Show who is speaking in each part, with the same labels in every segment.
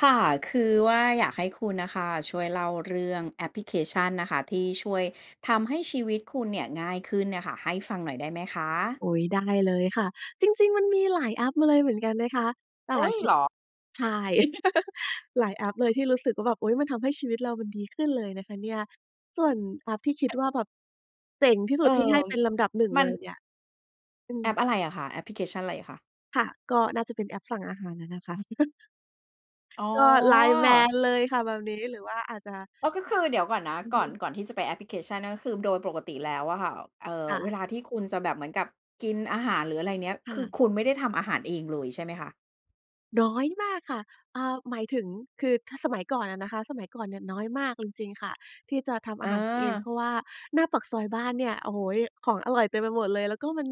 Speaker 1: ค่ะ คือว่าอยากให้คุณน่ะค่ะช่วยเล่าเรื่องแอปพลิเคชันนะคะ ที่ช่วยทำให้ชีวิตคุณเนี่ยง่ายขึ้นน่ะค่ะ ให้ฟังหน่อยได้ไหมคะ?
Speaker 2: อุ๊ย ได้เลยค่ะ จริง ๆ มันมีหลายแอปมาเลยเหมือนกันนะคะ อ
Speaker 1: อ
Speaker 2: า
Speaker 1: ุ๊ย!
Speaker 2: คื
Speaker 1: เ
Speaker 2: อ
Speaker 1: หรอ?
Speaker 2: ใช่ หลายแอปเลยที่รู้สึกว่าแบบ อุ๊ย มันทำให้ชีวิตเรามันดีขึ้นเลยนะคะเนี่ย ส่วนแอปที่คิดว่าแบบเจ๋งที่ส
Speaker 1: เ
Speaker 2: ุ
Speaker 1: อ
Speaker 2: ด
Speaker 1: อ
Speaker 2: ที่ให้เป็นลำดับหนึ่ง
Speaker 1: มั
Speaker 2: เล
Speaker 1: น
Speaker 2: ยเนี่ย อื
Speaker 1: แอป
Speaker 2: ม
Speaker 1: อะไรอะคะ แอปพลิเคชันอะไรคะ?
Speaker 2: ค่ะ ก็น่าจะเป็นแอปสั่งอาหารอะนะคะ
Speaker 1: อ๋อ
Speaker 2: ก็ LINE MAN เลยค่ะแบบนี้ หรือว่าอาจจะ
Speaker 1: อ๋อ ก็คือ เดี๋ยวก่อนนะ
Speaker 2: อือ
Speaker 1: ก่อ
Speaker 2: ฮ
Speaker 1: น
Speaker 2: ึ
Speaker 1: ก่อนที่จะไปแอปพลิเคชัน นั่นก็คือโดยปกติแล้วอะค่ะ เออ
Speaker 2: ค่
Speaker 1: เว
Speaker 2: ะ
Speaker 1: ลาที่คุณจะแบบเหมือนกับกินอาหาร หรืออะไรเงี้ย
Speaker 2: ค
Speaker 1: ค
Speaker 2: ่
Speaker 1: ือ
Speaker 2: ะ
Speaker 1: คุณไม่ได้ทำอาหารเองเลยใช่ไหมคะ?
Speaker 2: น้อยมากค่ะ เออ หมายถึง คือถ้าสมัยก่อนอะนะคะ สมัยก่อนเนี่ยน้อยมากเลย จริงค่ะ ที่จะทำอ
Speaker 1: เ
Speaker 2: าหารกินเอง เ
Speaker 1: อ
Speaker 2: พ
Speaker 1: อ
Speaker 2: ราะว่าหน้าปากซอยบ้านเนี่ย โอ้โฮ ของอร่อยเต็มไปหมดเลย แล้วก็มัน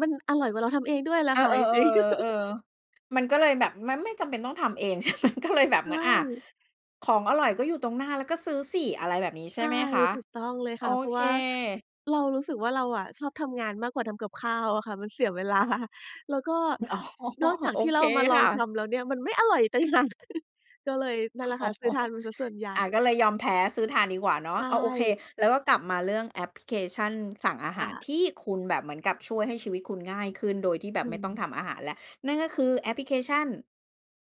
Speaker 2: มันอร่อยกว่าเราทำเองด้วยแหละ
Speaker 1: เออ
Speaker 2: ค่ะ จริง ๆ
Speaker 1: ๆ ๆ ๆ ๆ ๆ มันก็เลยแบบมันไม่จำเป็นต้องทำเอง ใช่ไหม ก็เลยแบบ
Speaker 2: ใ
Speaker 1: เ
Speaker 2: ช
Speaker 1: หมือน อา
Speaker 2: ่
Speaker 1: ของอร่อยก็อยู่ตรงหน้าแล้วก็ซื้อสิ อะไรแบบนี้ ใช
Speaker 2: ใ
Speaker 1: ่
Speaker 2: ช่
Speaker 1: ไหมคะ?
Speaker 2: ถูกต้องเลย
Speaker 1: โอ
Speaker 2: ค่ะ เพรา
Speaker 1: เ
Speaker 2: ะ
Speaker 1: ค
Speaker 2: ว่าเรารู้สึกว่าเราอะชอบทำงานมากกว่าทำกับข้าวอะค่ะ มันเสีย เวลา แล้วก็
Speaker 1: อ๋อ
Speaker 2: นอกจา
Speaker 1: โ
Speaker 2: ก
Speaker 1: อ
Speaker 2: ที่
Speaker 1: เ
Speaker 2: เ
Speaker 1: ค
Speaker 2: รามาล
Speaker 1: ค
Speaker 2: อง
Speaker 1: ่
Speaker 2: ท
Speaker 1: ะ
Speaker 2: ำแล้วเนี่ยมันไม่อร่อยอีกต่าง หาก ก็เลยนั่นแหละ
Speaker 1: อ
Speaker 2: ค
Speaker 1: ๋อ
Speaker 2: ่ะ ซื้อทานมันเสียส่วนใหญ
Speaker 1: อ
Speaker 2: ่
Speaker 1: า ก็เลยยอมแพ้ซื้อทานดีกว่าเนา
Speaker 2: ใ
Speaker 1: ะ
Speaker 2: ช
Speaker 1: อา โอเค
Speaker 2: ่
Speaker 1: แล้วก็กลับมาเรื่องแอปพลิเคชันสั่งอาห
Speaker 2: ค
Speaker 1: า
Speaker 2: ่
Speaker 1: ร
Speaker 2: ะ
Speaker 1: ที่คุณแบบเหมือนกับช่วยให้ชีวิตคุณง่ายขึ้นโดยที่แบ
Speaker 2: อ
Speaker 1: บ
Speaker 2: ื
Speaker 1: ไม่ต้อง
Speaker 2: ม
Speaker 1: ทำอาหารแล้ว นั่นก็คือแอปพลิเคชั่น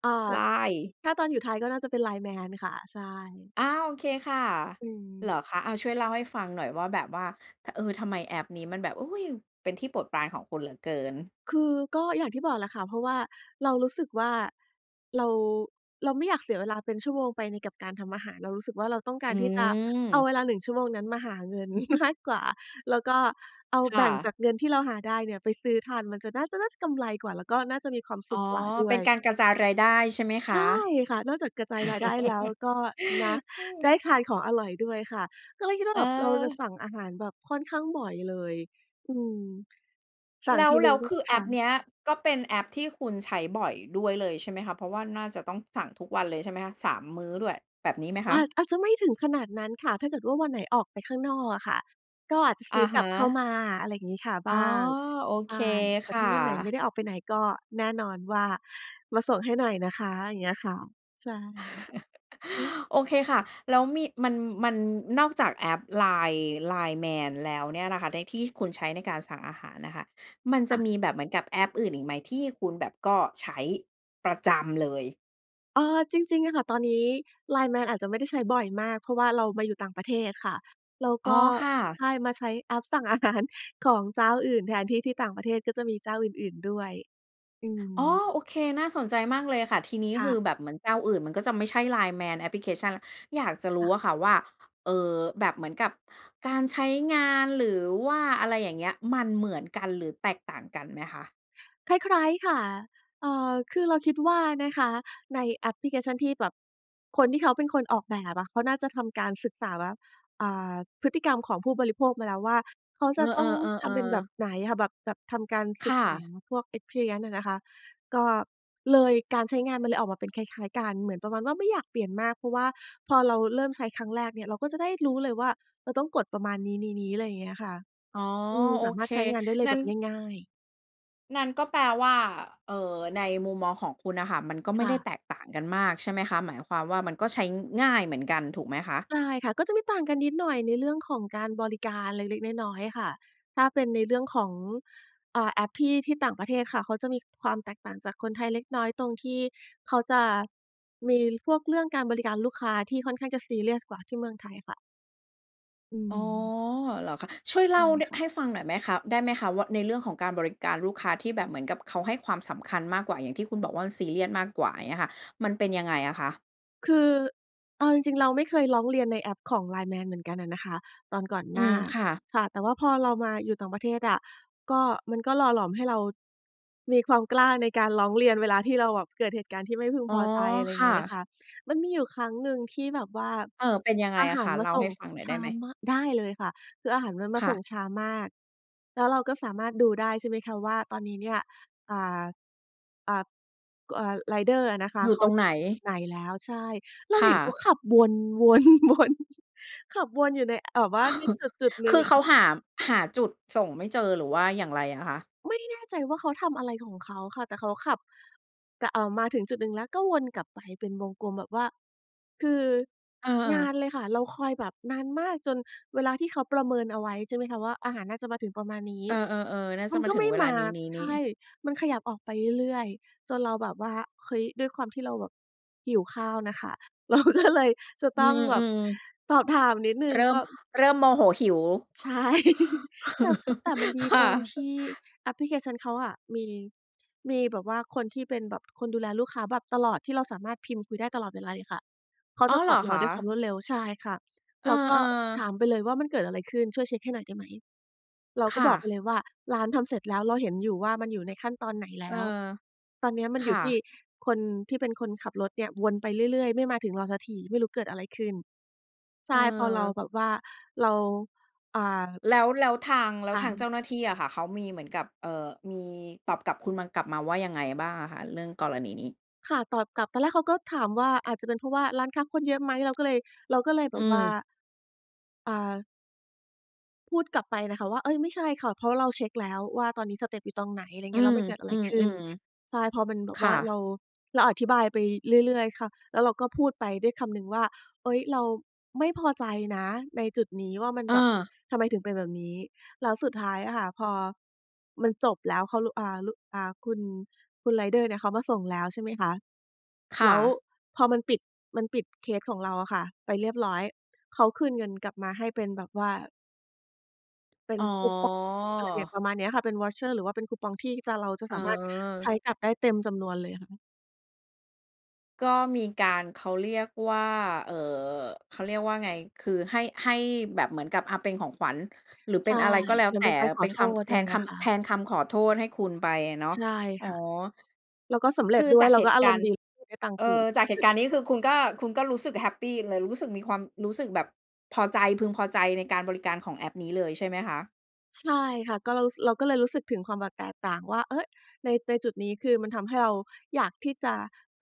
Speaker 2: อา
Speaker 1: LINE
Speaker 2: ถ้าตอนอยู่ไทยก็น่าจะเป็น LINE MAN ค่ะ ใช่
Speaker 1: อา โอเคค่ะ
Speaker 2: อื
Speaker 1: เหร
Speaker 2: ม
Speaker 1: อคะ อา ช่วยเล่าให้ฟังหน่อยว่าแบบว่า ท เออ ทำไมแอปนี้มันแบบ อุ๊ย เป็นที่โปรดปรานของคุณเหลือเกิน?
Speaker 2: คือก็อย่างที่บอกแหละค่ะ เพราะว่าเรารู้สึกว่าเรา เราไม่อยากเสียเวลาเป็นชั่วโมงไปในกับการทำอาหาร เรารู้สึกว่าเราต้องก
Speaker 1: อ
Speaker 2: า
Speaker 1: ื
Speaker 2: รที่จะเอา
Speaker 1: ม
Speaker 2: เวลา 1 ชั่วโมงนั้นมาหาเงิน มาก กว่า แล้วก็เอา
Speaker 1: ค่
Speaker 2: แบ่งจ
Speaker 1: ะ
Speaker 2: ากเงินที่เราหาได้เนี่ยไปซื้อทาน มันจะ น่าจะ น่าจะกำไรกว่า แล้วก็น่าจะมีความส
Speaker 1: อ๋อ
Speaker 2: ุขกว่าด
Speaker 1: เ
Speaker 2: ้
Speaker 1: ป
Speaker 2: ว
Speaker 1: ็น
Speaker 2: ย
Speaker 1: การกระจายรายได้ใช่ไหมค
Speaker 2: ใช่
Speaker 1: ะ?
Speaker 2: ค่ะ นอกจากกระจายรายได้แล้วก็นะ
Speaker 1: เ
Speaker 2: ได
Speaker 1: ออ
Speaker 2: ้ทานของอร่อยด้วยค่ะ ก็เลยคิดว่าแบบเราจะ
Speaker 1: เออ
Speaker 2: สั่งอาหารแบบค่อนข้างบ่อยเลย อืม สั่
Speaker 1: แ
Speaker 2: ง
Speaker 1: ล้
Speaker 2: ท
Speaker 1: ว
Speaker 2: ีหน
Speaker 1: แล
Speaker 2: ึ่
Speaker 1: ้
Speaker 2: ง
Speaker 1: วค
Speaker 2: บ
Speaker 1: ือ
Speaker 2: ค
Speaker 1: แอ
Speaker 2: ่
Speaker 1: ปเ
Speaker 2: ะ
Speaker 1: นี้ยก็เป็นแอปที่คุณใช้บ่อยด้วยเลยใช่ไหมคะ เพราะว่าน่าจะต้องสั่งทุกวันเลยใช่ไหมคะ 3 มื้อด้วย แบบนี้ไหม
Speaker 2: อ
Speaker 1: คะ?
Speaker 2: าจ อาจจะไม่ถึงขนาดนั้นค่ะ ถ้าเกิดว่าวันไหนออกไปข้างนอกอะค่ะ ก็อาจจะ
Speaker 1: อ
Speaker 2: ซ
Speaker 1: ะ
Speaker 2: ื้อก
Speaker 1: ฮ
Speaker 2: ลับเข้า
Speaker 1: ะ
Speaker 2: มา อะไรอย่างงี้ค่ะ
Speaker 1: อ๋
Speaker 2: บ
Speaker 1: อ
Speaker 2: ้าง
Speaker 1: โอ
Speaker 2: ใ
Speaker 1: เ
Speaker 2: ช
Speaker 1: ค
Speaker 2: ่ แต
Speaker 1: ค
Speaker 2: ่ถ
Speaker 1: ่
Speaker 2: ้
Speaker 1: ะ
Speaker 2: าวันไหนไม่ได้ออกไปไหนก็แน่นอนว่ามาส่งให้หน่อยนะคะ อย่างเงี้ยค่ะ ใช่ ฮ
Speaker 1: โอเคค่ะ แล้วมี มัน มัน นอกจากแอป LINE LINE MAN แล้วเนี่ยนะคะ แล้วที่คุณใช้ในการสั่งอาหารน่ะค่ะมัน
Speaker 2: ค
Speaker 1: จ
Speaker 2: ่
Speaker 1: ะ
Speaker 2: ะ
Speaker 1: มีแบบเหมือนกับแอปอื่นอีกไหมที่คุณแบบก็ใช้ประจำเลย?
Speaker 2: เออ จริง ๆ อะค่ะ ตอนนี้ LINE MAN อาจจะไม่ได้ใช้บ่อยมาก เพราะว่าเรามาอยู่ต่างประเทศค่ะ แล้ว
Speaker 1: อ๋
Speaker 2: ก
Speaker 1: อ
Speaker 2: ็
Speaker 1: ค่ะ
Speaker 2: ใช่ มาใช้แอปสั่ง อาหาร ของเจ้าอื่นแทน ที่ ที่ต่างประเทศก็จะมีเจ้าอื่น ๆ ด้วย อื
Speaker 1: อ๋อ
Speaker 2: ม
Speaker 1: โอเค น่าสนใจมากเลยค่ะ ทีนี้
Speaker 2: ค
Speaker 1: ค
Speaker 2: ่
Speaker 1: ือ
Speaker 2: ะ
Speaker 1: แบบเหมือนเจ้าอื่นมันก็จะไม่ใช่ LINE MAN แอปพลิเคชัน อยากจะร
Speaker 2: ค
Speaker 1: ู
Speaker 2: ่
Speaker 1: ้
Speaker 2: ะ
Speaker 1: อะค่ะว่า เอ่อ แบบเหมือนกับการใช้งาน หรือว่าอะไรอย่างเงี้ย มันเหมือนกันหรือแตกต่างกันไหมคะ?
Speaker 2: คล้าย ๆ ค่ะ เออ คือเราคิดว่านะคะ ในแอปพลิเคชันที่แบบ คนที่เขาเป็นคนออกแบบอะ เขาน่าจะทำการศึกษาว่า อ่า พฤติกรรมของผู้บริโภคมาแล้วว่า เขาจ
Speaker 1: เอ
Speaker 2: ะ
Speaker 1: อ
Speaker 2: ต้องทำเป็นแบ
Speaker 1: ๆ
Speaker 2: บ
Speaker 1: ๆ ๆ
Speaker 2: ไหนค่ะ แบบ แบบทำการ
Speaker 1: ค
Speaker 2: ศึ
Speaker 1: ่
Speaker 2: กษา
Speaker 1: ะ
Speaker 2: พวก Experience อะนะคะ ก็เลย การใช้งานมันเลยออกมาเป็นคล้าย ๆ กัน เหมือนประมาณว่าไม่อยากเปลี่ยนมาก เพราะว่าพอเราเริ่มใช้ครั้งแรกเนี่ย เราก็จะได้รู้เลยว่า เออ ต้องกดประมาณนี้ ๆ ๆ อะไรอย่างเงี้ยค่ะ
Speaker 1: อ๋อ
Speaker 2: อืม
Speaker 1: โอ
Speaker 2: สาม
Speaker 1: เค
Speaker 2: ารถใช้งานได้เล
Speaker 1: ง
Speaker 2: ย
Speaker 1: ั้
Speaker 2: แบ
Speaker 1: น
Speaker 2: บง่าย ๆ
Speaker 1: งั้นก็แปลว่า เอ่อ ในมุมมองของคุณน่ะค่ะ มันก็ไม
Speaker 2: ค
Speaker 1: ่
Speaker 2: ่
Speaker 1: ได้
Speaker 2: ะ
Speaker 1: แตกต่างกันมากใช่ไหมคะ? หมายความว่ามันก็ใช้ง่ายเหมือนกันถูกไหมคะ?
Speaker 2: ใช่ค่ะ ก็จะมีต่างกันนิดหน่อยในเรื่องของการบริการเล็ก ๆ น้อย ๆ ค่ะ ถ้าเป็นในเรื่องของ อ่า แอปที่ ที่ต่างประเทศค่ะ เขาจะมีความแตกต่างจากคนไทยเล็กน้อย ตรงที่เขาจะมีพวกเรื่องการบริการลูกค้าที่ค่อนข้างจะซีเรียสกว่าที่เมืองไทยค่ะ อื
Speaker 1: อ๋อ
Speaker 2: ม
Speaker 1: เหรอคะ ช่วยเล
Speaker 2: ไ
Speaker 1: ่
Speaker 2: ด
Speaker 1: า
Speaker 2: ้
Speaker 1: น
Speaker 2: ค่ะ
Speaker 1: ให้ฟังหน่อยไหมคะ ได้ไหมคะว่า ในเรื่องของการบริการลูกค้าที่แบบเหมือนกับเขาให้ความสำคัญมากกว่า อย่างที่คุณบอกว่ามันซีเรียสมากกว่าอย่างเงี้ยค่ะ มันเป็นยังไงอะคะ?
Speaker 2: คือ เอาจริง ๆ เราไม่เคยร้องเรียนในแอพของ LINEMAN เหมือนกันอะนะคะ ตอนก่อน
Speaker 1: อื
Speaker 2: หน้า
Speaker 1: ม ค่ะ
Speaker 2: ค่ะ แต่ว่าพอเรามาอยู่ต่างประเทศอะ ก็ มันก็หล่อหลอมให้เรา มีความกล้าในการร้องเรียนเวลาที่เราแบบเกิดเหตุการณ์ที่ไม่พึง
Speaker 1: อ๋อ
Speaker 2: พอใจ อะไรอย
Speaker 1: ค
Speaker 2: ่างเ
Speaker 1: ่
Speaker 2: งี้ยนะ
Speaker 1: ะ
Speaker 2: คะ มันมีอยู่ครั้งหนึ่งที่แบบว่า
Speaker 1: เออ เป็นยังไง
Speaker 2: อา
Speaker 1: อ
Speaker 2: ห
Speaker 1: ะ
Speaker 2: า
Speaker 1: ค
Speaker 2: ร
Speaker 1: ะ
Speaker 2: ม
Speaker 1: เ
Speaker 2: า
Speaker 1: ล่า
Speaker 2: ส
Speaker 1: ใ
Speaker 2: ่
Speaker 1: ห้
Speaker 2: ง
Speaker 1: ฟัง
Speaker 2: ช
Speaker 1: หน่อย
Speaker 2: ช
Speaker 1: ได้
Speaker 2: ้า
Speaker 1: ไหม?
Speaker 2: มาก ได้เลยค่ะ คืออาหารมันม
Speaker 1: ค
Speaker 2: า
Speaker 1: ่
Speaker 2: ส่ง
Speaker 1: ะ
Speaker 2: ช้ามาก แล้วเราก็สามารถดูได้ใช่ไหมคะว่า ตอนนี้เนี่ย อ่า อ่า ก อ่า ไรเดอร์อะนะคะ
Speaker 1: อยู่
Speaker 2: เข
Speaker 1: ต
Speaker 2: า
Speaker 1: รงไหน?
Speaker 2: จุดไหนแล้ว ใช่ เรา
Speaker 1: ค
Speaker 2: เ
Speaker 1: ่
Speaker 2: ห
Speaker 1: ะ
Speaker 2: ็นเขาขับวน วน ๆ ขับวนอยู่ใน อ แบบว่าในจุด ๆ หนึ
Speaker 1: ค
Speaker 2: ่ง
Speaker 1: ือ
Speaker 2: อ
Speaker 1: เข
Speaker 2: ะค
Speaker 1: า
Speaker 2: ่ะ
Speaker 1: หา หาจุดส่งไม่เจอหรือว่าอย่างไรอะคะ?
Speaker 2: ไม่แน่ใจว่าเขาทำอะไรของเขาค่ะ แต่เขาขับ แต่ เอ่อ มาถึงจุดหนึ่งแล้วก็วนกลับไปเป็นวงกลมแบบว่า คือ
Speaker 1: เ
Speaker 2: นา
Speaker 1: ออ
Speaker 2: นเลยค่ะ เราคอยแบบนานมาก จนเวลาที่เขาประเมินเอาไว้ ใช่ไหมคะว่า อาหารน่าจะมาถึงประมาณนี้
Speaker 1: เออ ๆ ๆ น่า
Speaker 2: ม
Speaker 1: จะ
Speaker 2: ัน
Speaker 1: มา
Speaker 2: ก็
Speaker 1: ถึ
Speaker 2: ไม
Speaker 1: ง
Speaker 2: ่
Speaker 1: เวล
Speaker 2: ม
Speaker 1: า
Speaker 2: า
Speaker 1: นี้
Speaker 2: ใช่
Speaker 1: ๆ ๆ
Speaker 2: มันขยับออกไปเรื่อย ๆ จนเราแบบว่า เฮ้ย ด้วยความที่เราแบบหิวข้าวน่ะค่ะ เราก็เลย จะ
Speaker 1: อื
Speaker 2: ต้องแบบ
Speaker 1: ม
Speaker 2: สอบถามนิดหน
Speaker 1: ๆ
Speaker 2: ึ่
Speaker 1: เ
Speaker 2: ง
Speaker 1: ริ่
Speaker 2: ก
Speaker 1: ม
Speaker 2: ็
Speaker 1: เริ่มโมโหหิว
Speaker 2: ใช่ แต่ ช แต่มันดี
Speaker 1: ค่
Speaker 2: ต
Speaker 1: ะ
Speaker 2: รงที่แอปพลิเคชันเขาอะมี มีแบบว่าคนที่เป็นแบบคนดูแลลูกค้าแบบตลอด ที่เราสามารถพิมพ์คุยได้ตลอดเวลาเลยค่ะ เขา
Speaker 1: อ้
Speaker 2: จ
Speaker 1: อ
Speaker 2: ะ
Speaker 1: เห
Speaker 2: ต
Speaker 1: ร
Speaker 2: อ
Speaker 1: อ
Speaker 2: บเร
Speaker 1: ค
Speaker 2: า
Speaker 1: ะ
Speaker 2: ด้วยความรวดเร็ว ใช่ค่ะ
Speaker 1: เออ
Speaker 2: เราก็ถ
Speaker 1: ๆ
Speaker 2: ามไปเลยว่า "มันเกิดอะไรขึ้น ช่วยเช็คให้หน่อยได้ไหม?" เรา
Speaker 1: ค
Speaker 2: ก็
Speaker 1: ่
Speaker 2: บอกไป
Speaker 1: ะ
Speaker 2: เลยว่า "ร้านทำเสร็จแล้ว เราเห็นอยู่ว่ามันอยู่ในขั้นตอนไหนแล
Speaker 1: เอ
Speaker 2: ้
Speaker 1: อ
Speaker 2: ว ตอนนี้มัน
Speaker 1: ค
Speaker 2: อยู
Speaker 1: ่
Speaker 2: ่ที่
Speaker 1: ะ
Speaker 2: คนที่เป็นคนขับรถเนี่ย วนไปเรื่อย ๆ ไม่มาถึงเราสักที ไม่รู้เกิดอะไรขึ้น" ใช
Speaker 1: เ
Speaker 2: ่ พอเรา
Speaker 1: ออ
Speaker 2: แบบว่าเรา อ่า
Speaker 1: แล้ว แล้วทาง แล้
Speaker 2: ค
Speaker 1: ว
Speaker 2: ่
Speaker 1: ทาง
Speaker 2: ะ
Speaker 1: เจ้าหน้าที่อะค่ะ เขามีเหมือนกับ เอ่อ มีตอบกลับคุณมา กลับมาว่ายังไงบ้างอะคะ เรื่องกรณีนี้?
Speaker 2: ค่ะ ตอบกลับ ตอนแรกเขาก็ถามว่า "อาจจะเป็นเพราะว่าร้านค้าคนเยอะไหม?" เราก็เลย เราก็เลยแบ
Speaker 1: อื
Speaker 2: บว่า
Speaker 1: ม
Speaker 2: อ่า พูดกลับไปนะคะว่า เฮ่ย ไม่ใช่ค่ะ เพราะเราเช็กแล้วว่าตอนนี้สเตปอยู่ตรงไหน อะไรอย่า
Speaker 1: อ
Speaker 2: ง
Speaker 1: ื
Speaker 2: เงี้ย แล้
Speaker 1: ม
Speaker 2: วมันเกิดอะ
Speaker 1: อ
Speaker 2: ไ
Speaker 1: ื
Speaker 2: รขึ้น
Speaker 1: ม
Speaker 2: ใช่ เพราะมันแบ
Speaker 1: ๆ ค
Speaker 2: บว
Speaker 1: ่
Speaker 2: ่
Speaker 1: ะ
Speaker 2: าเรา เราอธิบายไปเรื่อย ๆ ค่ะ แล้วเราก็พูดไปด้วยคำหนึ่งว่า เฮ่ย เราไม่พอใจนะในจุดนี้ว่ามัน
Speaker 1: อ
Speaker 2: แบบ
Speaker 1: า
Speaker 2: ทำไมถึงเป็นแบบนี้ แล้วสุดท้ายอะค่ะพอมันจบแล้ว เขารู้ อ่า รู้ อ่า คุณ คุณไรเดอร์เนี่ยเขามาส่งแล้วใช่ไหมคะ
Speaker 1: ค
Speaker 2: แ
Speaker 1: ่
Speaker 2: ล้ว
Speaker 1: ะ
Speaker 2: พอมันปิด มันปิดเคสของเราอะค่ะไปเรียบร้อย เขาคืนเงินกลับมาให้เป็นแบบว่า เป็
Speaker 1: อ๋
Speaker 2: นคูปอง อะไร
Speaker 1: อ
Speaker 2: ประมาณนี้ค่ะ เป็นเวาเชอร์ หรือว่าเป็นคูปองที่จะ เราจะสามารถใช
Speaker 1: เออ
Speaker 2: ้กลับได้เต็มจำนวนเลยค่ะ
Speaker 1: ก็มีการ เขาเรียกว่า เออ เขาเรียกว่าไง คือให้ ให้แบบเหมือนกับ อ่า เป็นของขวัญ หรือเป
Speaker 2: ใ
Speaker 1: ็
Speaker 2: ช
Speaker 1: น
Speaker 2: ่
Speaker 1: อะไรก็แล้ว
Speaker 2: เหมื
Speaker 1: แ
Speaker 2: อ
Speaker 1: ต
Speaker 2: น
Speaker 1: ่
Speaker 2: เป็นการข
Speaker 1: เป
Speaker 2: อ
Speaker 1: ็น
Speaker 2: โท
Speaker 1: ค
Speaker 2: ษ
Speaker 1: ำ
Speaker 2: อะ
Speaker 1: แท
Speaker 2: ไรอย
Speaker 1: น
Speaker 2: ่างเง
Speaker 1: ค
Speaker 2: ี้ยค่
Speaker 1: ำ แท
Speaker 2: ะ
Speaker 1: นคำขอโทษให้คุณไปอะเนาะ
Speaker 2: ใช่
Speaker 1: อ๋อ
Speaker 2: ค่ะ แล้วก็สำเร
Speaker 1: ค
Speaker 2: ็จ
Speaker 1: ือ
Speaker 2: ด้ว
Speaker 1: จ
Speaker 2: ย
Speaker 1: าก
Speaker 2: เรา
Speaker 1: เห
Speaker 2: ก็
Speaker 1: ตุ
Speaker 2: อา
Speaker 1: ก
Speaker 2: ร
Speaker 1: า
Speaker 2: ม
Speaker 1: ร
Speaker 2: ณ
Speaker 1: ณ
Speaker 2: ์
Speaker 1: ์
Speaker 2: ดี [unintelligible] ได้ตัง
Speaker 1: เอ
Speaker 2: คื
Speaker 1: อ
Speaker 2: น
Speaker 1: จากเหตุการณ์นี้คือคุณก็ คุณก็รู้สึกแฮปปีเลย รู้สึกมีความ รู้สึกแบบพอใจ พึงพอใจในการบริการของแอปนี้เลย ใช่ไหมคะ?
Speaker 2: ใช่ค่ะ ก็เรา ส เราก็เลยรู้สึกถึงความแบบแตกต่างว่า เฮ่ย ใน ในจุดนี้คือมันทำให้เราอยากที่จะ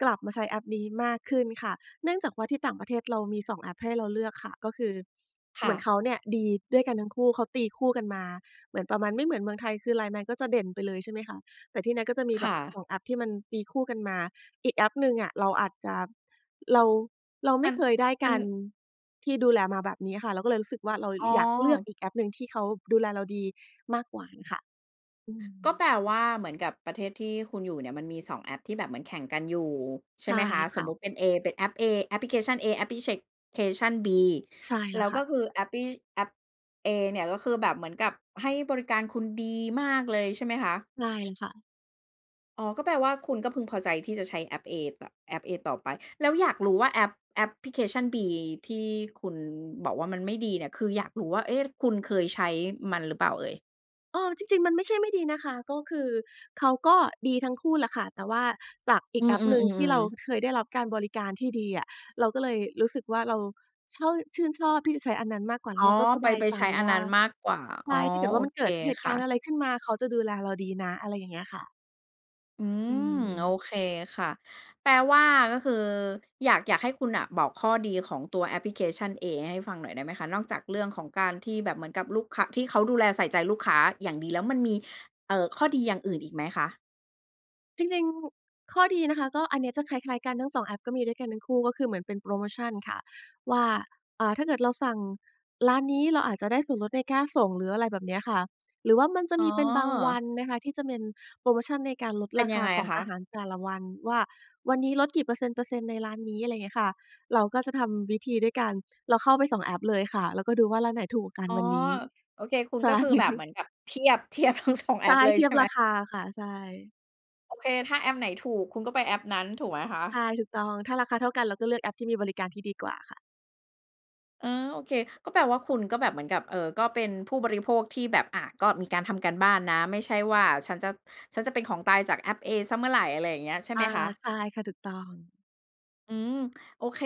Speaker 2: กลับมาใช้แอปนี้มากขึ้นค่ะ เนื่องจากว่าที่ต่างประเทศเรามี 2 แอปให้เราเลือกค่ะ ก็คือ
Speaker 1: ค
Speaker 2: เห
Speaker 1: ่
Speaker 2: มือนเ
Speaker 1: ะ
Speaker 2: ขาเนี่ยดีด้วยกันทั้งคู่ เขาตีคู่กันมา เหมือนประมาณ ไม่เหมือนเมืองไทยคือ LINE MAN ก็จะเด่นไปเลยใช่ไหมคะ แต่ที่นั่นก็จะมี
Speaker 1: ค
Speaker 2: แบ
Speaker 1: ่
Speaker 2: บ ส
Speaker 1: ะ
Speaker 2: อง แอปที่มันตีคู่กันมา อีกแอปหนึ่งอะ เราอาจจะ เรา เราไม
Speaker 1: มั
Speaker 2: ่
Speaker 1: น
Speaker 2: เคยได้
Speaker 1: ม
Speaker 2: ก
Speaker 1: ัน
Speaker 2: ารที่ดูแลมาแบบนี้อะค่ะ เราก็เลยรู้สึกว่าเรา
Speaker 1: อ๋อ
Speaker 2: อยากเลือกอีกแอปหนึ่งที่เขาดูแลเราดีมากกว่าน่ะค่ะ อื
Speaker 1: ก็แ
Speaker 2: ม
Speaker 1: ปลว่าเหมือนกับประเทศที่คุณอยู่เนี่ยมันมี 2 แอปที่แบบเหมือนแข่งกันอยู่ ใช
Speaker 2: ใ
Speaker 1: ่
Speaker 2: ช่
Speaker 1: ไหมคะ
Speaker 2: ค
Speaker 1: ส
Speaker 2: ่
Speaker 1: ม
Speaker 2: ะ
Speaker 1: มุติเป็นเอ เป็นแอปเอ แอปพลิเคชันเอ แอปพลิเช เคชันบี
Speaker 2: ใช่
Speaker 1: แ
Speaker 2: แ
Speaker 1: ล
Speaker 2: ล
Speaker 1: ้
Speaker 2: ้ว
Speaker 1: ว
Speaker 2: ค
Speaker 1: ก
Speaker 2: ่
Speaker 1: ็
Speaker 2: ะ
Speaker 1: คือแอปปี้ แอปเอเนี่ยก็คือแบบเหมือนกับให้บริการคุณดีมากเลย ใช่ไหมคะ?
Speaker 2: ใช่ค่ะ
Speaker 1: อ๋อ ก็แปลว่าคุณก็พึงพอใจที่จะใช้แอปเอ บ แอปเอต่อไป แล้วอยากรู้ว่า แอป แอปพลิเคชันบีที่คุณบอกว่ามันไม่ดีเนี่ย คืออยากรู้ว่า เอ๊ะ คุณเคยใช้มันหรือเปล่าเอ่ย?
Speaker 2: เออ จริง ๆ มันไม่ใช่ไม่ดีนะคะ ก็คือเขาก็ดีทั้งคู่แหละค่ะ แต่ว่าจากอี
Speaker 1: อื
Speaker 2: กแอปหนึ่งที่
Speaker 1: อ
Speaker 2: เรา
Speaker 1: ๆ ๆ ๆ
Speaker 2: เคยได้รับการบริการที่ดีอะ เราก็เลยรู้สึกว่าเราชอบ ชื่นชอบที่จะใช้อันนั้นมากกว่า แ
Speaker 1: อ
Speaker 2: ล
Speaker 1: ๋
Speaker 2: ้
Speaker 1: อ
Speaker 2: วเราก็ส
Speaker 1: ไป
Speaker 2: บาย
Speaker 1: ไป
Speaker 2: ใจ
Speaker 1: ใช้อั
Speaker 2: ว
Speaker 1: น
Speaker 2: ่
Speaker 1: น
Speaker 2: า
Speaker 1: ั้นมากกว่า
Speaker 2: ใช
Speaker 1: อ๋อ
Speaker 2: ่ ถ้าเกิดว
Speaker 1: โ
Speaker 2: ่
Speaker 1: อ
Speaker 2: ามันเ
Speaker 1: เค
Speaker 2: กิดเหตุ
Speaker 1: ค
Speaker 2: ก
Speaker 1: ่
Speaker 2: าร
Speaker 1: ะ
Speaker 2: ณ์อะไรขึ้นมา เขาจะดูแลเราดีนะ อะไรอย่างเงี้ยค่ะ
Speaker 1: อื
Speaker 2: อื
Speaker 1: ม โอ
Speaker 2: ม
Speaker 1: เคค่ะ แปลว่าก็คืออยาก อยากให้คุณน่ะบอกข้อดีของตัวแอปพลิเคชันเอ ให้ฟังหน่อยได้ไหมคะ นอกจากเรื่องของการที่แบบเหมือนกับลูกค้า ที่เขาดูแลใส่ใจลูกค้าอย่างดี แล้วมันมี เอ่อ ข้อดีอย่างอื่นอีกไหมคะ?
Speaker 2: จริง ๆ ข้อดีนะคะ ก็อันเนี้ยจะคล้าย ๆ กันทั้ง 2 แอป ก็มีด้วยกันทั้งคู่ ก็คือเหมือนเป็นโพรโมชันค่ะ ว่า อา ถ้าเกิดเราสั่งร้านนี้เราอาจจะได้ส่วนลดในค่าส่ง หรืออะไรแบบเนี้ยค่ะ หรือว่ามันจะ
Speaker 1: อ๋
Speaker 2: ม
Speaker 1: อ
Speaker 2: ีเป็นบางวันนะคะที่จะเป็นโพรโมชันในการลด
Speaker 1: เป็
Speaker 2: ร
Speaker 1: น
Speaker 2: าค
Speaker 1: ยัง
Speaker 2: า
Speaker 1: ไง
Speaker 2: ข
Speaker 1: อ
Speaker 2: อ
Speaker 1: ะ
Speaker 2: ง
Speaker 1: ค
Speaker 2: อ
Speaker 1: ะ?
Speaker 2: าหารแต่ละวัน ว่าวันนี้ลดกี่เปอร์เซ็นต์ เปอร์เซ็นต์ ในร้านนี้ อะไรอย่างเงี้ยค่ะ เราก็จะทำวิธีด้วยการเราเข้าไป 2 แอปเลยค่ะ แล้วก็ดูว่าร้านไหนถูกกว่ากัน
Speaker 1: อ๋อ
Speaker 2: วันนี้
Speaker 1: โอเคคุณ
Speaker 2: ใช
Speaker 1: ก็
Speaker 2: ่
Speaker 1: คือแบบเหมือนแบบเทียบ เทียบทั้ง 2 แอ
Speaker 2: ใช่
Speaker 1: ปเลย
Speaker 2: เที
Speaker 1: ใช
Speaker 2: ย
Speaker 1: ่
Speaker 2: บ
Speaker 1: ไห
Speaker 2: ร
Speaker 1: ม?
Speaker 2: าคาค่ะ ใช่
Speaker 1: โอเค ถ้าแอปไหนถูกคุณก็ไปแอปนั้นถูกไหมคะ?
Speaker 2: ใช่ ถูกต้อง ถ้าราคาเท่ากันเราก็เลือกแอปที่มีบริการที่ดีกว่าค่ะ
Speaker 1: เออ โอเค ก็แปลว่าคุณก็แบบเหมือนกับ เออ ก็เป็นผู้บริโภคที่แบบ อ่า ก็มีการทำการบ้านนะ ไม่ใช่ว่าฉันจะ ฉันจะเป็นของตายจากแอปเอเสียเมื่อไร อะไรอย่างเงี้ย ใช่
Speaker 2: อ
Speaker 1: ไห
Speaker 2: า
Speaker 1: มคะ?
Speaker 2: ใช่ค่ะ ถูกต้อง
Speaker 1: อืม โอเค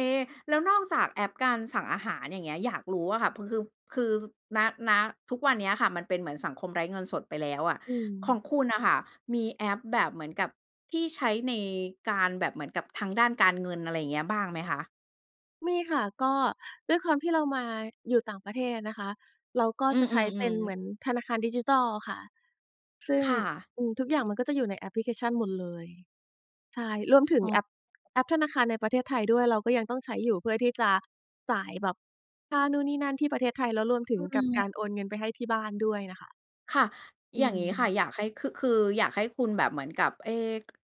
Speaker 1: แล้วนอกจากแอปการสั่งอาหาร อย่างเงี้ยอยากรู้อะค่ะ พ คือ คือ ณ ณ ทุกวันเนี้ยค่ะ มันเป็นเหมือนสังคมไร้เงินสดไปแล้วอะ
Speaker 2: อื
Speaker 1: ของ
Speaker 2: ม
Speaker 1: คุณน่ะค่ะมีแอปแบบเหมือนกับที่ใช้ในการแบบเหมือนกับทางด้านการเงิน อะไรอย่างเงี้ยบ้างไหมคะ?
Speaker 2: มีค่ะ ก็ด้วยความที่เรามาอยู่ต่างประเทศนะคะ เราก็
Speaker 1: อื
Speaker 2: จะใช้เป็
Speaker 1: อ
Speaker 2: นเห
Speaker 1: ๆ
Speaker 2: ม
Speaker 1: ๆ
Speaker 2: ือนธนาคารดิจิทัลค่ะ ซึ่ง
Speaker 1: ค่ะ
Speaker 2: อือ ทุกอย่างมันก็จะอยู่ในแอปพลิเคชันหมดเลย ใช่ รวมถึง
Speaker 1: อ๋
Speaker 2: แ
Speaker 1: อ
Speaker 2: อป แอปธนาคารในประเทศไทยด้วย เราก็ยังต้องใช้อยู่เพื่อที่จะจ่ายแบบค่านู่น นี่ นั่น ที่ประเทศไทย แล้วรวมถึ
Speaker 1: อ
Speaker 2: ง
Speaker 1: ื
Speaker 2: กับก
Speaker 1: อ
Speaker 2: ารโอนเงินไปให้ที่บ้านด้วยน่ะค่ะ
Speaker 1: ค่ะ
Speaker 2: อื
Speaker 1: อย่างงี้ค่ะ
Speaker 2: ม
Speaker 1: อยากให้ ค คืออยากให้คุณแบบเหมือนกับ เอ๊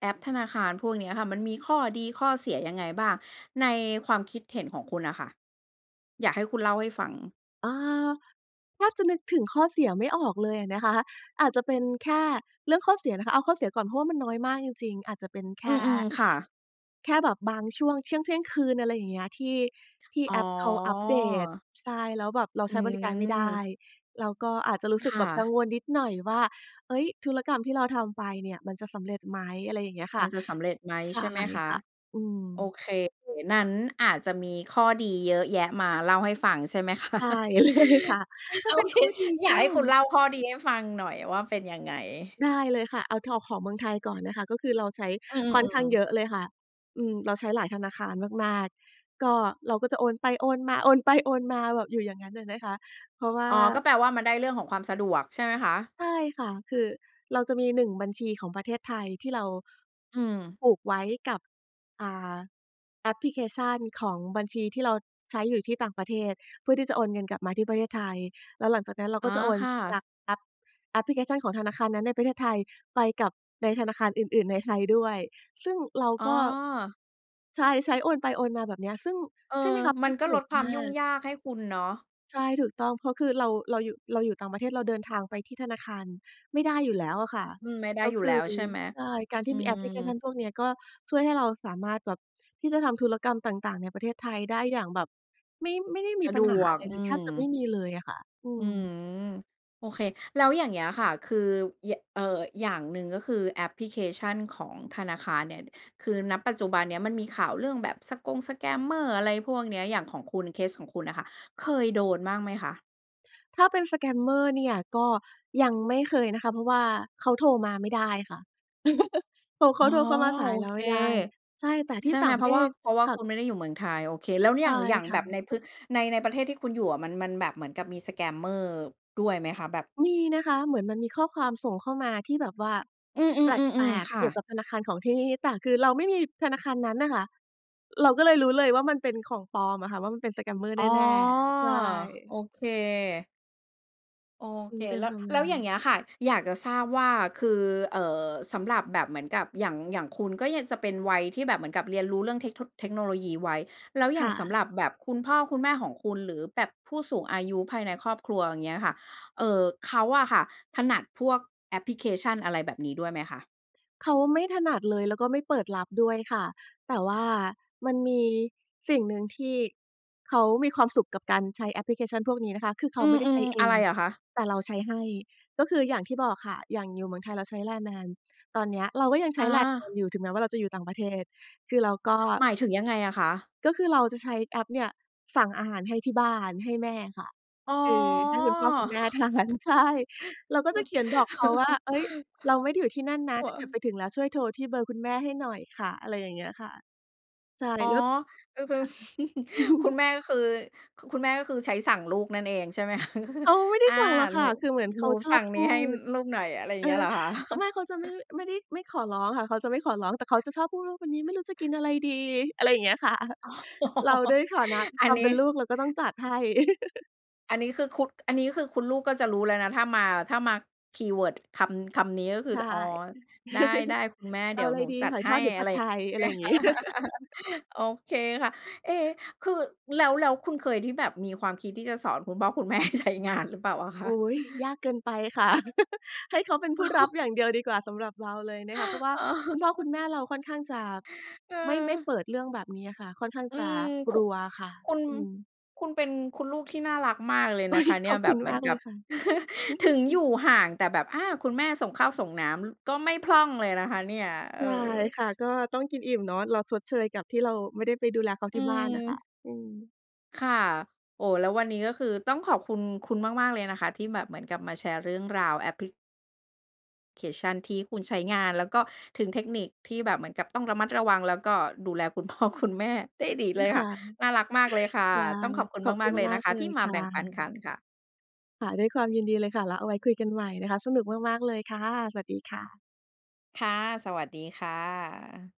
Speaker 1: แอปธนาคารพวกเนี้ยค่ะ มันมีข้อดีข้อเสียยังไงบ้างในความคิดเห็นของคุณน่ะค่ะ? อยากให้คุณเล่าให้ฟัง
Speaker 2: เออ แทบจะนึกถึงข้อเสียไม่ออกเลยอะนะคะ อาจจะเป็นแค่เรื่องข้อเสียนะคะ เอาข้อเสียก่อน เพราะว่ามันน้อยมากจริง ๆ อาจจะเป็นแ
Speaker 1: อ
Speaker 2: ค
Speaker 1: ื
Speaker 2: ่
Speaker 1: ม ๆ ค่ะ
Speaker 2: แค่แบบบางช่วงเที่ยง เที่ยงคืน อะไรอย่างเงี้ย ที่ ที่
Speaker 1: อ๋
Speaker 2: แอปเขาอัปเดต
Speaker 1: อ
Speaker 2: ใช่ แล้วแบบเรา
Speaker 1: อ
Speaker 2: ใ
Speaker 1: ื
Speaker 2: ช้บริการไม่ได้
Speaker 1: ม
Speaker 2: เราก็อาจจะรู้ส
Speaker 1: ค
Speaker 2: ึก
Speaker 1: ่
Speaker 2: แบบกัง
Speaker 1: ะ
Speaker 2: วลนิดหน่อยว่า เฮ้ย ธุรกรรมที่เราทำไปเนี่ยมันจะสำเร็จไหม อะไรอย่างเงี้ยค
Speaker 1: มั
Speaker 2: ่
Speaker 1: น
Speaker 2: ะ
Speaker 1: จะสำเร็จไหม
Speaker 2: ใช
Speaker 1: ใช่
Speaker 2: ่
Speaker 1: ไหมคะ
Speaker 2: ค่ะ อื
Speaker 1: โอ
Speaker 2: ม
Speaker 1: เค นั้นอาจจะมีข้อดีเยอะแยะมาเล่าให้ฟัง ใช่ไหม ค
Speaker 2: ใ
Speaker 1: ะ?
Speaker 2: ช่ เลยค่ะ ถ้
Speaker 1: โ
Speaker 2: า
Speaker 1: อ
Speaker 2: เป็น
Speaker 1: เค
Speaker 2: ข้อดี
Speaker 1: อย
Speaker 2: ก
Speaker 1: า
Speaker 2: ็
Speaker 1: กให้คุณเล่าข้อดีให้ฟังหน่อยว่าเป็นยังไง?
Speaker 2: ได้เลยค่ะ เอาเทา ของเมืองไทยก่อนนะคะ ก็คือเราใช้
Speaker 1: อื
Speaker 2: ค่อนข้
Speaker 1: ม
Speaker 2: าง
Speaker 1: ๆ
Speaker 2: เยอะเลยค่ะ อืม เราใช้หลายธนาคารมาก ๆ ก็ เราก็จะโอนไป โอนมา โอนไป โอนมา แบบอยู่อย่างงั้นน่ะนะคะ เพราะว่า
Speaker 1: อ๋อ ก็แปลว่ามันได้เรื่องของความสะดวก ใช่ไหมคะ?
Speaker 2: ใช่ค่ะ คือเราจะมี 1 บัญชีของประเทศไทยที่เรา
Speaker 1: อืม
Speaker 2: ผูกไว้กับ อ่า แอปพลิเคชันของบัญชีที่เราใช้อยู่ที่ต่างประเทศ เพื่อที่จะโอนเงินกลับมาที่ประเทศไทย แล้วหลังจากนั้นเรา
Speaker 1: อ๋
Speaker 2: ก็
Speaker 1: อ
Speaker 2: จะโอน
Speaker 1: ค่
Speaker 2: จา
Speaker 1: ะ
Speaker 2: กแอป แอปพิเคชันของธนาคารนั้นในประเทศไทยไปกับในธนาคารอื่น ๆ ในไทยด้วย ซึ่งเรา
Speaker 1: อ๋อ
Speaker 2: ก็ ใช่ ใช้โอนไปโอนมา แบบเนี้ย ซึ่ง
Speaker 1: เออ
Speaker 2: ใช่ไหมคะ
Speaker 1: มัน
Speaker 2: ส
Speaker 1: ก็
Speaker 2: ะด
Speaker 1: ล
Speaker 2: ว
Speaker 1: ด
Speaker 2: ก
Speaker 1: ควา
Speaker 2: ม
Speaker 1: ม
Speaker 2: า
Speaker 1: ยุ่ง
Speaker 2: ก
Speaker 1: ยากให้คุณเนาะ
Speaker 2: ใช่ ถูกต้อง เพราะคือเรา เราอยู่ เราอยู่ต่างประเทศ เราเดินทางไปที่ธนาคารไม่ได้อยู่แล้วอะค่
Speaker 1: อ
Speaker 2: ะ
Speaker 1: อืม ไม่ได้
Speaker 2: แล้ว
Speaker 1: อยู่
Speaker 2: คื
Speaker 1: แล้
Speaker 2: อ
Speaker 1: วใช่ไหม?
Speaker 2: ใช่ การท
Speaker 1: อ
Speaker 2: ี
Speaker 1: ื
Speaker 2: ่มีแอปพลิเคช
Speaker 1: ม
Speaker 2: ันพวกเนี้ยก็ช่วยให้เราสามารถแบบที่จะทำธุรกรรมต่าง ๆ ในประเทศไทยได้อย่างแบบ ไม่ ไม่ได้ม
Speaker 1: ส
Speaker 2: ี
Speaker 1: ะ
Speaker 2: ป
Speaker 1: ด
Speaker 2: ัญหา
Speaker 1: ว
Speaker 2: อะ
Speaker 1: ก
Speaker 2: ไร
Speaker 1: อ
Speaker 2: เ
Speaker 1: ื
Speaker 2: ลย แทบ
Speaker 1: ม
Speaker 2: จะไม่มีเลยอะค่ะ อื
Speaker 1: อื
Speaker 2: ม
Speaker 1: ม โอเค แล้วอย่างเงี้ยค่ะ คือ ย เอ่อ อย่างหนึ่งก็คือแอปพลิเคชันของธนาคารเนี่ย คือ ณ ปัจจุบันเนี้ยมันมีข่าวเรื่องแบบ สะกง สแกมเมอร์ อะไรพวกเนี้ย อย่างของคุณ เคสของคุณน่ะค่ะเคยโดนบ้างไหมคะ?
Speaker 2: ถ้าเป็น สแกมเมอร์ เนี่ย ก็ยังไม่เคยนะคะ เพราะว่าเขาโทรมาไม่ได้ค่ะ ตัวเ
Speaker 1: อ
Speaker 2: ข
Speaker 1: ๋อ
Speaker 2: าโทรเข้ามาสา
Speaker 1: โ
Speaker 2: ย
Speaker 1: อ
Speaker 2: เรา
Speaker 1: เค
Speaker 2: ไม่ได้ ใช่ แต่ท
Speaker 1: ใ
Speaker 2: ี
Speaker 1: ช
Speaker 2: ่
Speaker 1: ่
Speaker 2: ต
Speaker 1: ไห
Speaker 2: ่
Speaker 1: ม
Speaker 2: างป
Speaker 1: เ
Speaker 2: ร
Speaker 1: พร
Speaker 2: ะเ
Speaker 1: า
Speaker 2: ท
Speaker 1: ะว่า
Speaker 2: ศ
Speaker 1: เพราะว่า
Speaker 2: ค่
Speaker 1: ค
Speaker 2: ะ
Speaker 1: ุณไม่ได้อยู่เมืองไทย โอเค แล้ว
Speaker 2: ใ
Speaker 1: อ
Speaker 2: ช
Speaker 1: ย่
Speaker 2: ่
Speaker 1: าง อย่าง
Speaker 2: ค
Speaker 1: แ
Speaker 2: ่
Speaker 1: บบ
Speaker 2: ะ
Speaker 1: ในพื้น ใน ในประเทศที่คุณอยู่อะ มัน มันแบบเหมือนกับมี สแกมเมอร์ ด้วยไหมคะ? แบบ
Speaker 2: มีนะคะ เหมือนมันมีข้อความส่งเข้ามาที่แบบว่า
Speaker 1: อื
Speaker 2: แปล
Speaker 1: ม ๆ ๆ
Speaker 2: ก
Speaker 1: ๆ ค
Speaker 2: ๆ เ
Speaker 1: ่
Speaker 2: กี่ยว
Speaker 1: ะ
Speaker 2: กับธนาคารของที่นี่ แต่คือเราไม่มีธนาคารนั้นน่ะค่ะ เราก็เลยรู้เลยว่า มันเป็นของปลอมอะค่ะ ว่ามันเป็นสแกมเมอร์
Speaker 1: อ
Speaker 2: แ
Speaker 1: ๋อ
Speaker 2: น่ ๆ ใช
Speaker 1: โ
Speaker 2: ่
Speaker 1: อเค โอ
Speaker 2: อื
Speaker 1: เค
Speaker 2: ม เป็น
Speaker 1: แล้
Speaker 2: ป
Speaker 1: ว
Speaker 2: ระม
Speaker 1: แ
Speaker 2: า
Speaker 1: ล
Speaker 2: ณ
Speaker 1: ้ว
Speaker 2: นั
Speaker 1: อ
Speaker 2: ้
Speaker 1: ย่
Speaker 2: น
Speaker 1: างเงี้ยค่ะ อยากจะทราบว่า คือ เอ่อ สำหรับแบบเหมือนกับอย่าง อย่างคุณ ก็ยังจะเป็นวัยที่แบบเหมือนกับเรียนรู้เรื่องเทคโท เทคโนโลยีไว้ แล้วอย
Speaker 2: ค
Speaker 1: ่า
Speaker 2: ่
Speaker 1: งสำ
Speaker 2: ะ
Speaker 1: หรับแบบคุณพ่อคุณแม่ของคุณ หรือแบบผู้สูงอายุภายในครอบครัว อย่างเงี้ยค่ะ เอ่อ เขาอะค่ะถนัดพวกแอปพลิเคชัน อะไรแบบนี้ด้วยไหมคะ?
Speaker 2: เขาไม่ถนัดเลย แล้วก็ไม่เปิดรับด้วยค่ะ แต่ว่ามันมีสิ่งหนึ่งที่เขามีความสุขกับการใช้แอปพลิเคชันพวกนี้นะคะ คือเข
Speaker 1: อื
Speaker 2: าไม่ได้ใช
Speaker 1: ม
Speaker 2: ้เ
Speaker 1: ๆ
Speaker 2: อ
Speaker 1: อะไร
Speaker 2: ง
Speaker 1: อะคะ?
Speaker 2: แต่เราใช้ให้ ก็คืออย่างที่บอกค่ะ อย่างอยู่เมืองไทยเราใช้ LINE MAN ตอนเนี้ยเราก็ยังใช
Speaker 1: อ๋
Speaker 2: ้ LINE MAN
Speaker 1: อ
Speaker 2: อยู่ ถึงแม้ว่าเราจะอยู่ต่างประเทศ คือเราก็
Speaker 1: หมายถึงยังไงอะคะ?
Speaker 2: ก็คือเราจะใช้แอปเนี่ยสั่งอาหารให้ที่บ้าน ให้แม่ค่ะ
Speaker 1: อ๋อ
Speaker 2: คือให้คุณพ่อคุณแม่ ทาน ใช่ เราก็จะเขียนบอกเขาว่า เฮ้ย เราไม่ได้อยู่ที่นั่นน
Speaker 1: โ
Speaker 2: ะ
Speaker 1: อ้
Speaker 2: ถ้า
Speaker 1: อ
Speaker 2: เกิดไ
Speaker 1: า
Speaker 2: ปถึงแล้ว ช่วยโทรที่เบอร์คุณแม่ให้หน่อยค่ะ อะไรอย่างเงี้ยค่ะ ใช่
Speaker 1: อ๋อ
Speaker 2: แล้ว ค่
Speaker 1: ก็คือ
Speaker 2: ะ
Speaker 1: คุณแม่ก็คือ ค คุณแม่ก็คือใช้สั่งลูกนั่นเองใช่ไหม คะ?
Speaker 2: อ๋อ ไม่ได
Speaker 1: "อ
Speaker 2: ้
Speaker 1: า
Speaker 2: สั่งหรอก
Speaker 1: ห
Speaker 2: ค
Speaker 1: น
Speaker 2: ่
Speaker 1: ู
Speaker 2: ะ คือเหมือนเ
Speaker 1: ห
Speaker 2: ข
Speaker 1: นู
Speaker 2: าช
Speaker 1: ส
Speaker 2: อ
Speaker 1: ั
Speaker 2: บ
Speaker 1: ่ง
Speaker 2: พ
Speaker 1: นี้
Speaker 2: ู
Speaker 1: ให้
Speaker 2: ด
Speaker 1: ลูกหน่อย" อะไรอย่า
Speaker 2: เ
Speaker 1: ง
Speaker 2: ออ
Speaker 1: เงี้ยหรอคะ?
Speaker 2: ข ไม่ เขาจะไม่ ไม่ได้ ไม่ขอร้องค่ะ เขาจะไม่ขอร้อง แต่เขาจะชอบพูดว่า วันนี้ไม่รู้จะกินอะไรดี อะไรอย่างเงี้ย ค่ะ
Speaker 1: อ๋อ
Speaker 2: เราด้วยฐานะ ค
Speaker 1: อั
Speaker 2: ค
Speaker 1: น
Speaker 2: วาม
Speaker 1: น
Speaker 2: เป
Speaker 1: ี้
Speaker 2: ็นลูก เราก็ต้องจัดให้
Speaker 1: อันนี้คือคุณ อันนี้คือคุณลูกก็จะรู้แล้วนะ ถ้ามา ถ้ามาคีย์เวิร์ดคำ คำนี้ก็คื
Speaker 2: ใ
Speaker 1: อ
Speaker 2: ช
Speaker 1: จ
Speaker 2: ่
Speaker 1: ะ "อ๋อ ได้ ๆ คุณแม่
Speaker 2: "เ
Speaker 1: เ
Speaker 2: อ
Speaker 1: ด
Speaker 2: า
Speaker 1: ี๋ยว
Speaker 2: อะไร
Speaker 1: หนู
Speaker 2: ดี
Speaker 1: จั
Speaker 2: ห
Speaker 1: ด
Speaker 2: อย
Speaker 1: ให
Speaker 2: ทอ
Speaker 1: ้"
Speaker 2: ด หรือผ
Speaker 1: อะ
Speaker 2: ั
Speaker 1: ไ
Speaker 2: ด
Speaker 1: ร
Speaker 2: ไท
Speaker 1: เง
Speaker 2: ย?" อะไรอย่างงี้
Speaker 1: ี้ย โอเคค่ะ เอ๊ะ คือ แล้ว แล้วคุณเคยที่แบบมีความคิดที่จะสอนคุณพ่อ คุณแม่ใช้งานหรือเปล่าอะค
Speaker 2: อ
Speaker 1: ะ?
Speaker 2: ุ๊ย ยากเกินไปค่ะ ให้เขาเป็นผู้รับอย่างเดียวดีกว่า สำหรับเราเลยนะคะ เพราะว่า
Speaker 1: อ๋อ
Speaker 2: คุณพ่อคุณแม่เราค่อนข้างจะ
Speaker 1: เ
Speaker 2: ไม่ ไม่
Speaker 1: ออ
Speaker 2: เปิดเรื่องแบบเนี้ยค่ะ ค่อนข้าง
Speaker 1: อื
Speaker 2: จะ
Speaker 1: ม
Speaker 2: ก
Speaker 1: ค
Speaker 2: ล
Speaker 1: ุ
Speaker 2: ัวค่ะ
Speaker 1: คุณ
Speaker 2: อืม
Speaker 1: คุณเป็นคุณลูกที่น่ารักมากเลย
Speaker 2: อุ
Speaker 1: น
Speaker 2: ๊
Speaker 1: ะค
Speaker 2: ย
Speaker 1: ะเน
Speaker 2: ข
Speaker 1: ี่
Speaker 2: อ
Speaker 1: ย
Speaker 2: บ
Speaker 1: แบ
Speaker 2: คุ
Speaker 1: บ
Speaker 2: ณ
Speaker 1: เหม
Speaker 2: ม
Speaker 1: ือ
Speaker 2: า
Speaker 1: น
Speaker 2: ก
Speaker 1: ก
Speaker 2: เล
Speaker 1: ับ
Speaker 2: ยค่ะ อือฮ
Speaker 1: ถ
Speaker 2: ึ
Speaker 1: ึง
Speaker 2: อื
Speaker 1: อยู
Speaker 2: ม
Speaker 1: ่ห่าง แต่แบบ อา คุณแม่ ส่งข้าวส่งน้ำก็ไม่พร่องเลยนะคะเนี่ย เอ
Speaker 2: ใช่
Speaker 1: อ
Speaker 2: ค่ะ ก็ต้องกินอิ่มเนาะ เราชดเชยกับที่เราไม่ได้ไปดูแลเขา
Speaker 1: อ
Speaker 2: ท
Speaker 1: ื
Speaker 2: ี่บ้านน่ะค่ะ
Speaker 1: ม
Speaker 2: อืม
Speaker 1: ค่ะ โอ้ แล้ววันนี้ ก็คือต้องขอบคุณคุณมาก ๆ เลยนะคะ ที่แบบเหมือนกับมาแชร์เรื่องราวแอปพลิ เคชันที่คุณใช้งาน แล้วก็ถึงเทคนิคที่แบบเหมือนกับต้องระมัดระวัง แล้วก็ดูแล คุณพ่อคุณแม่ ได้ดี
Speaker 2: ล
Speaker 1: เ
Speaker 2: ู
Speaker 1: ล
Speaker 2: ก
Speaker 1: ย
Speaker 2: ค
Speaker 1: ค่ะ
Speaker 2: ้า
Speaker 1: น่ารักมากเลยค่ะ
Speaker 2: ได้
Speaker 1: ต้องขอบคุณ
Speaker 2: ขอบ
Speaker 1: ม
Speaker 2: คุ
Speaker 1: าก
Speaker 2: ณ
Speaker 1: ๆ เลย
Speaker 2: ม
Speaker 1: น
Speaker 2: า
Speaker 1: ะ
Speaker 2: ก
Speaker 1: คะ
Speaker 2: เล
Speaker 1: ที่
Speaker 2: ย
Speaker 1: ม
Speaker 2: ค
Speaker 1: า
Speaker 2: ่
Speaker 1: แบ่งปันคั
Speaker 2: ะ
Speaker 1: นค่ะ
Speaker 2: ค่ะ ด้วยความยินดีเลยค่ะ แล้วเอาไว้คุยกันใหม่นะคะ สนุกมาก ๆ เลยค่ะ สวัสดีค่ะ
Speaker 1: ค่ะ สวัสดีค่ะ